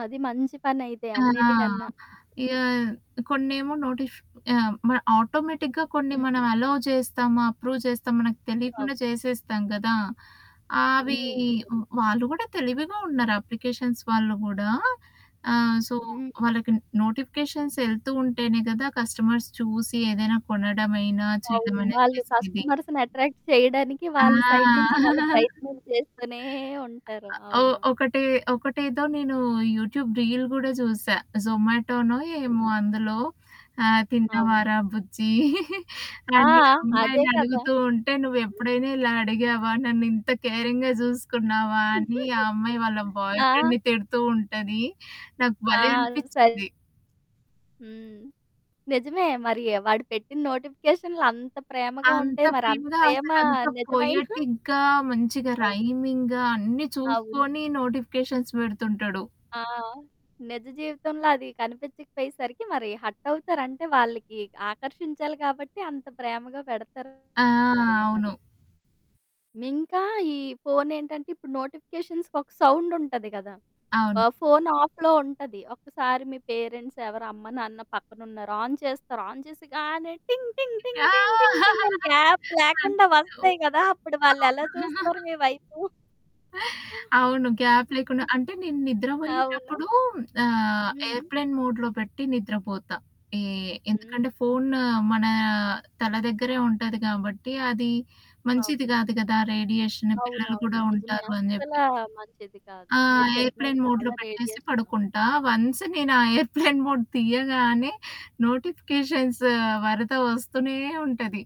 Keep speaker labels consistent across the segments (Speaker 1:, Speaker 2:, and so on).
Speaker 1: అది మంచి పనైతే
Speaker 2: ఆ!
Speaker 1: అన్నిటికన్నా.
Speaker 2: ఇగ కొన్నేమో నోటిఫ్ ఆహ్, మన్ ఆటోమేటిక్‌గా కొన్ని మన
Speaker 1: హ్మ్.
Speaker 2: అలౌ చేస్తామా, అప్రూవ్ చేసామా మనకు
Speaker 1: అవు
Speaker 2: తెలియకుండా చేసేస్తాం కదా! ఆవి
Speaker 1: హ్మ్, అవును.
Speaker 2: వాళ్ళు కూడా తెలివిగా ఉన్నారు, అప్లికేషన్స్ వాళ్ళు కూడా. ఆహ్, సో,
Speaker 1: హ్మ్.
Speaker 2: వాళ్ళకి నోటిఫికేషన్సెళ్తూ ఉంటేనే కదా! కస్టమర్స్ చూసి ఏదైనా కొనడమైనా,
Speaker 1: అవును.
Speaker 2: చేయడమైనా
Speaker 1: వాళ్ళు
Speaker 2: చేసేది.
Speaker 1: కస్టమర్స్‌ని అట్రాక్ట్ చేయడానికి
Speaker 2: ఆ!
Speaker 1: వాళ్ళ సైడ్ నుంచి వాళ్ళ ప్రయత్నం చేస్తూనే ఉంటారు.
Speaker 2: ఒ
Speaker 1: అవును.
Speaker 2: ఒకటే ఒకటేదో నేను యూట్యూబ్ రీల్ కూడా చూసా. జొమాటోనో ఏమో
Speaker 1: హ్మ్.
Speaker 2: అందులో ఆహ్,
Speaker 1: అవును.
Speaker 2: తిన్నావారా బుజ్జి
Speaker 1: ఆ!
Speaker 2: అని ఆ
Speaker 1: అదే
Speaker 2: అమ్మాయిని
Speaker 1: కదా!
Speaker 2: అడుగుతూ ఉంటే
Speaker 1: హ్మ్.
Speaker 2: "నువ్వెప్పుడైనా ఇలా అడిగావా? నన్నింత కేరింగ్‌గా చూసుకున్నావా?" అని ఆ అమ్మాయి వాళ్ళ బాయ్
Speaker 1: ఆ!
Speaker 2: ఫ్రెండ్‌ని తిడుతూ ఉంటది. నాకు భలే
Speaker 1: ఆ! సై
Speaker 2: అనిపించింది.
Speaker 1: హ్మ్. నిజమే. మరి వాడు పెట్టిన నోటిఫికేషనులంత ప్రేమగా ఉంటే,
Speaker 2: అంత
Speaker 1: మరంత
Speaker 2: ప్రీమగా,
Speaker 1: ప్రేమ
Speaker 2: అసలు అంత
Speaker 1: నిజమైనా
Speaker 2: పొయెటిక్‌గా, మంచిగా
Speaker 1: ఆ!
Speaker 2: రైమింగ్‌గా, అన్నీ
Speaker 1: అవును.
Speaker 2: చూసుకొని నోటిఫికేషన్స్ పెడుతుంటాడు.
Speaker 1: ఆ! నిజ జీవితంలో అది కనిపిచకపోయేసరికి మరి హర్టవుతారుంటే, వాళ్ళకి ఆకర్షించాలి కాబట్టి అంత ప్రేమగా పెడతారు.
Speaker 2: ఆ!
Speaker 1: మరి అది.
Speaker 2: అవును.
Speaker 1: ఇంకా ఈ ఫోనేంటంటే, ఇప్పుడు నోటిఫికేషన్స్‌కొక సౌండుంటది కదా! ఆ!
Speaker 2: అవును.
Speaker 1: ఫోను ఆఫ్‌లో ఉంటది. ఒకక్కసారి మీ పేరెంట్సెవరు అమ్మ, నాన్న పక్కనున్నారు. ఆన్ చేస్తారు. ఆన్ చేసేయగానే 'టింగ్ టింగ్ టింగ్ టింగ టింగ్ టింగ్' అని గ్యాప్ లేకుండా వస్తాయి కదా! అప్పుడు వాళ్ళెలా చూస్తారు
Speaker 2: [unintelligible]
Speaker 1: మీ వైపు?
Speaker 2: అవును. గ్యాప్ లేకుండా అంటే నేను
Speaker 1: అవును.
Speaker 2: నిద్రపోయ్యేటప్పుడు ఆహ్,
Speaker 1: హ్మ్.
Speaker 2: ఎయిర్‌ప్లేన్ మోడ్‌లో పెట్టి నిద్రపోతా. ఏ
Speaker 1: హ్మ్.
Speaker 2: ఎందుకంటే, ఫోను మన తల దెగ్గరే ఉంటది కాబట్టి, అది మంచిది
Speaker 1: అవును.
Speaker 2: గాదు కదా! రేడియేషను పిల్లలు
Speaker 1: అవునవును.
Speaker 2: కూడా
Speaker 1: నిజమే.
Speaker 2: ఉంటారు అని చెప్పి
Speaker 1: అస్సలా మంచిది కాదు.
Speaker 2: ఆ!
Speaker 1: మీరు చెప్పినట్టు
Speaker 2: ఎయిర్‌ప్లేన్ మోడ్‌లో
Speaker 1: చాలా
Speaker 2: పెట్టేసి
Speaker 1: రేడియేషన్.
Speaker 2: పడుకుంటా. వన్సు నేను ఆ ఎయిర్‌ప్లేన్ మోడ్ తీయ్యగానే నోటిఫికేషన్సు వరద ఒస్తూనే ఉంటది.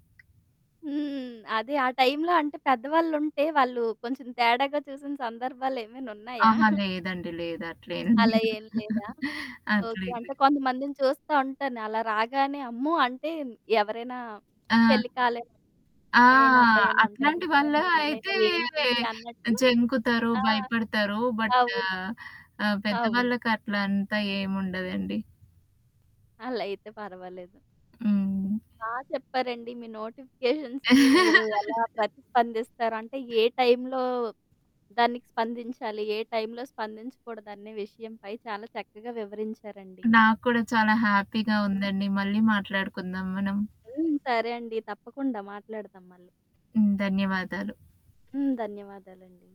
Speaker 1: హ్మ్. అదే ఆ టైంలో అంటే పెద్దవాళ్ళుంటే వాళ్ళు కొంచెం తేడాగా చూసిన సందర్భాలేమైనున్నాయా?
Speaker 2: అహా! లేదండి. లేదు. అట్ల ఏం
Speaker 1: అలా
Speaker 2: లేదు.
Speaker 1: ఏం లేదా?
Speaker 2: అట్ల
Speaker 1: ఓకే.
Speaker 2: ఏం లేదు.
Speaker 1: అంటే కొంతమందిని చూస్తా ఉంటాను. అలా రాగానే అమ్మో! అంటే ఎవరైనా
Speaker 2: ఆ!
Speaker 1: పెళ్లి కాలే
Speaker 2: ఆ!
Speaker 1: అమ్మయైనా, అబ్బాయైనా ఉంటే మా మా
Speaker 2: అట్లాంటి వాళ్ళు
Speaker 1: అమ్మాయినా మా అబ్బాయైనా
Speaker 2: అయితే
Speaker 1: ఏంటి
Speaker 2: వే
Speaker 1: అన్నట్టు
Speaker 2: జంకుతారు,
Speaker 1: ఆ!
Speaker 2: భయపడతారు. బట్టు
Speaker 1: అవును.
Speaker 2: ఆహ్,
Speaker 1: అవును.
Speaker 2: పెద్దవాళ్ళకట్ల అంతా ఏముండదండి.
Speaker 1: అలా అయితే పర్వాలేదు.
Speaker 2: హ్మ్.
Speaker 1: బా చెప్పారండి. మీ నోటిఫికేషన్స్‌కి మీరు ఎలా ప్రతిస్పందిస్తారు? అంటే ఏ టైంలో దానికి స్పందించాలి? ఏ టైంలో స్పందించకూడదనే విషయంపై చాలా చక్కగా వివరించారండి.
Speaker 2: నాకు కూడా చాలా హ్యాపీగా ఉందండి. మళ్ళీ మాట్లాడుకుందాం మనం.
Speaker 1: హ్మ్. సరే అండి. తప్పకుండా మాట్లాడతాం మళ్ళీ.
Speaker 2: హ్మ్. ధన్యవాదాలు.
Speaker 1: హ్మ్. ధన్యవాదాలండి.